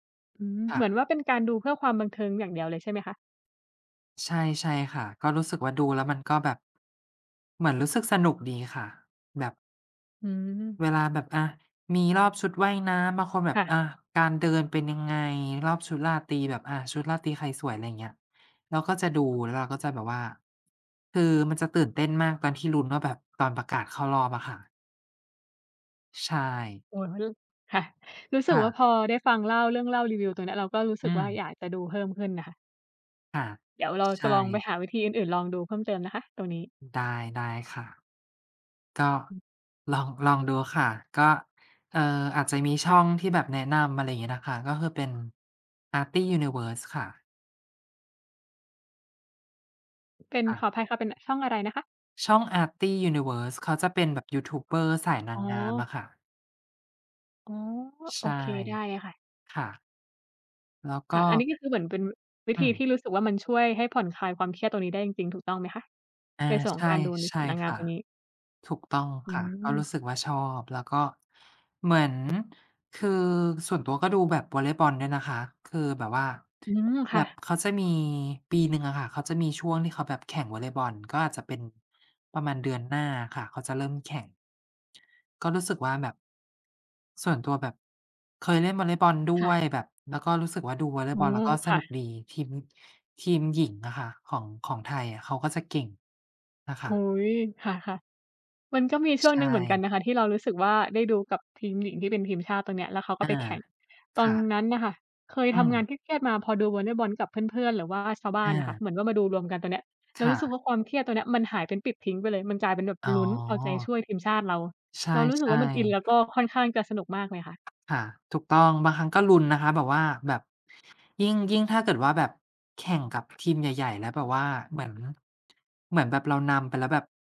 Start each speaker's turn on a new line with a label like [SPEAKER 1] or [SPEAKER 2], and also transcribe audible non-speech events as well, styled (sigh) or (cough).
[SPEAKER 1] อืม
[SPEAKER 2] ค
[SPEAKER 1] เ
[SPEAKER 2] ่
[SPEAKER 1] หมือนว
[SPEAKER 2] ะ
[SPEAKER 1] ่าเป็นการดูเพื่อความบันเทิงอย่างเดียวเลยใช่ไหมคะ?
[SPEAKER 2] ใช่ ใช่ค่ะ ก็รู้สึกว่า ดูแล้วมันก็แบบ เหมือนรู้สึกสนุกดีค่ะ แบบ
[SPEAKER 1] อืม
[SPEAKER 2] เวลาแบบ อา มีรอบชุดว่ายน้ำ บางคนแบ
[SPEAKER 1] ค
[SPEAKER 2] บ
[SPEAKER 1] ่ะ
[SPEAKER 2] อา การเดินเป็นยังไง รอบชุดราตรีแบบ อา ชุดราตรีใครสวย อะไรอย่างเงี้ย เราก็จะดู แล้วเราก็จะแบบว่า (tsk) คือมันจะตื่นเต้นมากตอนที่ลุ้นว่า แบบ ตอนประกาศเข้ารอบอะค่ะ ใช่
[SPEAKER 1] โอ้ เขาเรียก ค่ะ รู้ส
[SPEAKER 2] ค
[SPEAKER 1] ึก
[SPEAKER 2] ่
[SPEAKER 1] ว่าพ
[SPEAKER 2] ะ
[SPEAKER 1] อได้ฟัง เล่า เรื่องเล่ารีวิวตรงเนี้ย เราก็รู้ส
[SPEAKER 2] อ
[SPEAKER 1] ึ
[SPEAKER 2] ื
[SPEAKER 1] กว่า
[SPEAKER 2] ม
[SPEAKER 1] อยากจะดูเพิ่มขึ้นน่ะค่ะ
[SPEAKER 2] ค่ะ
[SPEAKER 1] เดี๋ยวเรา
[SPEAKER 2] ใช
[SPEAKER 1] จะลองไป
[SPEAKER 2] ่
[SPEAKER 1] หาวิธีอื่น ๆ ลองดูเพิ่มเติมนะคะ ตรงนี้
[SPEAKER 2] ได้ ได้ค่ะ ก็
[SPEAKER 1] อือ
[SPEAKER 2] ลอง ลองดูค่ะ ก็ เอ่อ อาจจะมีช
[SPEAKER 1] ค่
[SPEAKER 2] ่อ
[SPEAKER 1] ะ
[SPEAKER 2] งที่แบบแนะนำ อะไรอย่างงี้นะคะ ก็คือเป็น Arty Universe ค่ะ
[SPEAKER 1] เป็น
[SPEAKER 2] ค่
[SPEAKER 1] ข
[SPEAKER 2] ะ
[SPEAKER 1] ออภัยค่ะ เป็นช่องอะไรนะคะ?
[SPEAKER 2] ช่อง Arty Universe เขาจะเป็นแบบยูทูบเบอร์สายน
[SPEAKER 1] อ
[SPEAKER 2] า
[SPEAKER 1] ๋
[SPEAKER 2] ง
[SPEAKER 1] อ
[SPEAKER 2] งามอะค่ะ
[SPEAKER 1] อ๋อ โ
[SPEAKER 2] ใ
[SPEAKER 1] อ
[SPEAKER 2] ช่
[SPEAKER 1] เค ได้เลยค่ะ
[SPEAKER 2] ค่ะ แล้วก
[SPEAKER 1] ค่ะ อัน
[SPEAKER 2] ็
[SPEAKER 1] นี้ก็คือเหมือนเป็น วิ
[SPEAKER 2] อื
[SPEAKER 1] ธีท
[SPEAKER 2] ม
[SPEAKER 1] ี่รู้สึกว่ามันช่วยให้ผ่อนคลายความเครียดตรงนี้ได้จริง ๆ ถูกต้องไหมคะ?
[SPEAKER 2] อา
[SPEAKER 1] ในส่วนข
[SPEAKER 2] ใช
[SPEAKER 1] อง
[SPEAKER 2] ่
[SPEAKER 1] การดูใน
[SPEAKER 2] ใช
[SPEAKER 1] ส่
[SPEAKER 2] ่
[SPEAKER 1] วนนางง
[SPEAKER 2] ค
[SPEAKER 1] าม
[SPEAKER 2] ่ะ
[SPEAKER 1] ตัวนี้
[SPEAKER 2] ถูกต้อง
[SPEAKER 1] อื
[SPEAKER 2] ค่ะ ก็ร
[SPEAKER 1] ม
[SPEAKER 2] ู้สึกว่าชอบ แล้วก็ เหมือน คือส่วนตัวก็ดูแบบวอลเลย์บอลด้วยนะคะ คือแบบว่า
[SPEAKER 1] อืม ค
[SPEAKER 2] แบ
[SPEAKER 1] ่
[SPEAKER 2] บ
[SPEAKER 1] ะ
[SPEAKER 2] เขาจะมี ปีหนึ่งอะค่ะเขาจะมีช่วงที่เขาแบบแข่งวอลเลย์บอล ก็อาจจะเป็นประมาณเดือนหน้าอะค่ะ เขาจะเริ่มแข่ง ก็รู้สึกว่าแบบ ส่วนตัวแบบ เคยเล่นวอลเลย์บอลด
[SPEAKER 1] ค
[SPEAKER 2] ้
[SPEAKER 1] ่
[SPEAKER 2] วย
[SPEAKER 1] ะ
[SPEAKER 2] แบบ แล้วก็รู้สึกว่าดูวอลเล
[SPEAKER 1] โอ
[SPEAKER 2] ย์
[SPEAKER 1] ้
[SPEAKER 2] บอลแล้วก็ส
[SPEAKER 1] ค่
[SPEAKER 2] นุก
[SPEAKER 1] ะ
[SPEAKER 2] ดี ทีม ทีมหญิงอะค่ะ ของ ของไทยอะเขาก็จะเก่งนะค
[SPEAKER 1] อุ๊
[SPEAKER 2] ะ
[SPEAKER 1] ย ค่ะ ๆ มันก็มีช่
[SPEAKER 2] ใช
[SPEAKER 1] วงหนึ่งเหมือนกัน
[SPEAKER 2] ่
[SPEAKER 1] นะคะ ที่เรารู้สึกว่าได้ดูกับทีมหญิงที่เป็นทีมชาติตรงเนี้ย แล้วเขาก็
[SPEAKER 2] อา
[SPEAKER 1] ไปแข่ง ต
[SPEAKER 2] ค
[SPEAKER 1] อน
[SPEAKER 2] ่ะ
[SPEAKER 1] นั้นน่ะค่ะเคย
[SPEAKER 2] อื
[SPEAKER 1] ทำงา
[SPEAKER 2] ม
[SPEAKER 1] นเครียด ๆ มา พอดูวอลเลย์บอลกับเพื่อน ๆ หรือว่าชาวบ้า
[SPEAKER 2] อ
[SPEAKER 1] นอะค่ะ เ
[SPEAKER 2] า
[SPEAKER 1] หมือนว่ามาดูรวมกันตรงเนี้ย เร
[SPEAKER 2] ค
[SPEAKER 1] า
[SPEAKER 2] ่
[SPEAKER 1] รู้สึก
[SPEAKER 2] ะ
[SPEAKER 1] ว่าความเครียดตัวเนี้ยมันหายเป็นปลิดทิ้งไปเลย มันกลายเป็นแบบ
[SPEAKER 2] อ๋อ
[SPEAKER 1] ลุ้น เอาใจช่วยทีมชาติเรา
[SPEAKER 2] ใช
[SPEAKER 1] เรารู้สึกว
[SPEAKER 2] ่
[SPEAKER 1] ่ามันอิน แล้วก
[SPEAKER 2] ๆ
[SPEAKER 1] ็ค่อนข้างจะสนุกมากเลยค่ะ
[SPEAKER 2] ค่ะ ถูกต้อง บางครั้งก็ลุ้นนะคะ แบบว่าแบบ ยิ่ง ยิ่งถ้าเกิดว่าแบบแข่งกับทีมใหญ่ ๆ แล้วแบบว่าเหมือน เหมือนแบบเรานำไปแล้วแบบ